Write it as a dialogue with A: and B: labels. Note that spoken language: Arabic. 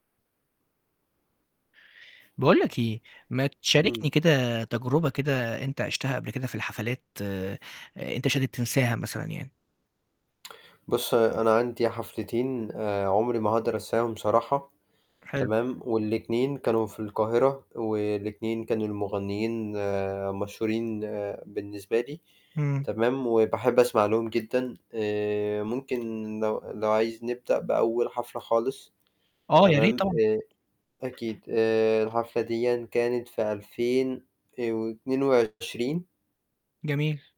A: باقول لك إيه ما تشاركني
B: امم.
A: كده تجربة كده أنت عِشتها قبل كده في الحفلات أنت مش قادر تنساها مثلًا يعني.
B: بُص أنا عندي حفلتين آآ عمري ما هاقدر أنساهم صراحة
A: حلو.
B: تمام، والاتنين كانوا في القاهرة، والاتنين كان المغنيين مشهورين بالنسبة لي
A: امم.
B: تمام، وباحب أسمع لهم جدًا آآ ممكن لو لو عايز نبدأ بأول حفلة خالص
A: آه، يا ريت
B: تمام،
A: طبعًا.
B: آآ أكيد آآ الحفلة ديًا كانت في 2000 آآ و22
A: جميل.